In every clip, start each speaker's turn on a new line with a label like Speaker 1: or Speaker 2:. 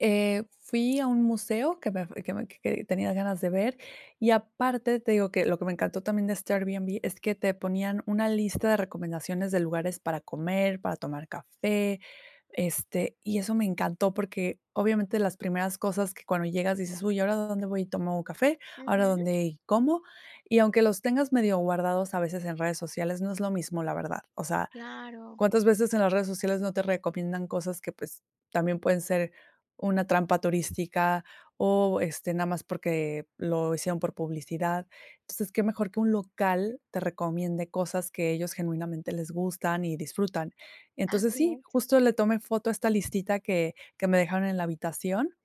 Speaker 1: Eh, fui a un museo que me f que me que tenía ganas de ver, y aparte, te digo que lo que me encantó también de este Airbnb es que te ponían una lista de recomendaciones de lugares para comer, para tomar café, este, y eso me encantó, porque obviamente las primeras cosas que cuando llegas dices: "Uy, ¿ahora dónde voy y tomo café? ¿Ahora
Speaker 2: Ujú.
Speaker 1: dónde como?". Y aunque los tengas medio guardados a veces en redes sociales, no es lo mismo, la verdad. O sea,
Speaker 2: Claro.
Speaker 1: ¿cuántas veces en las redes sociales no te recomiendan cosas que, pues, también pueden ser una trampa turística, o, este, nada más porque lo hicieron por publicidad? Entonces, ¿qué mejor que un local te recomiende cosas que ellos genuinamente les gustan y disfrutan? Entonces,
Speaker 2: Así
Speaker 1: sí,
Speaker 2: es.
Speaker 1: justo le tomé foto a esta listita que que me dejaron en la habitación,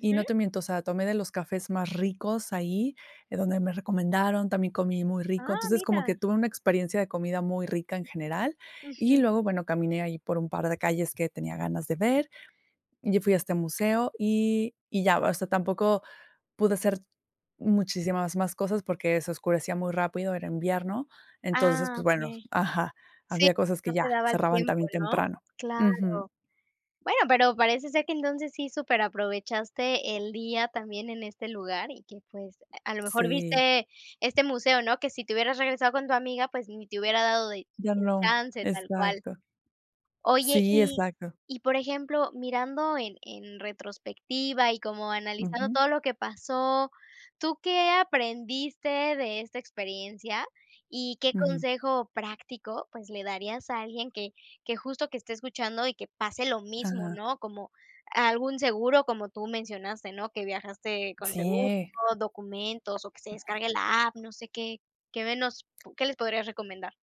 Speaker 1: y no te miento, o sea, tomé de los cafés más ricos ahí, donde me recomendaron, también comí muy rico,
Speaker 2: Ah,
Speaker 1: entonces como
Speaker 2: mira.
Speaker 1: que tuve una experiencia de comida muy rica en general. Y
Speaker 2: Ujú.
Speaker 1: luego, bueno, caminé ahí por un par de calles que tenía ganas de ver. Yo fui a este museo, y y ya, o sea, tampoco pude hacer muchísimas más cosas, porque se oscurecía muy rápido, era invierno, entonces,
Speaker 2: Ah,
Speaker 1: pues, bueno.
Speaker 2: okey.
Speaker 1: Ajá,
Speaker 2: Sí,
Speaker 1: había cosas
Speaker 2: no
Speaker 1: que ya
Speaker 2: te daba el
Speaker 1: cerraban
Speaker 2: tiempo,
Speaker 1: también
Speaker 2: ¿no?
Speaker 1: temprano. Ujú.
Speaker 2: Claro. Bueno, pero parece ser que entonces sí superaprovechaste el día también en este lugar, y que, pues, a lo mejor
Speaker 1: Sí.
Speaker 2: viste este museo, ¿no? Que si te hubieras regresado con tu amiga, pues, ni te hubiera dado de eh,
Speaker 1: Ya no,
Speaker 2: chance tal cual.
Speaker 1: exacto.
Speaker 2: Oye,
Speaker 1: Sí,
Speaker 2: y
Speaker 1: exacto.
Speaker 2: y por ejemplo, mirando en en retrospectiva, y como analizando
Speaker 1: Ujú.
Speaker 2: todo lo que pasó, ¿tú qué aprendiste de esta experiencia, y qué
Speaker 1: Ujú.
Speaker 2: consejo práctico, pues, le darías a alguien que que justo que esté escuchando y que pase lo mismo,
Speaker 1: Ajá.
Speaker 2: no? Como algún seguro, como tú mencionaste, ¿no? Que viajaste con seguro,
Speaker 1: Sí.
Speaker 2: documentos o que se descargue la app, no sé. ¿Qué qué nos qué les podrías recomendar?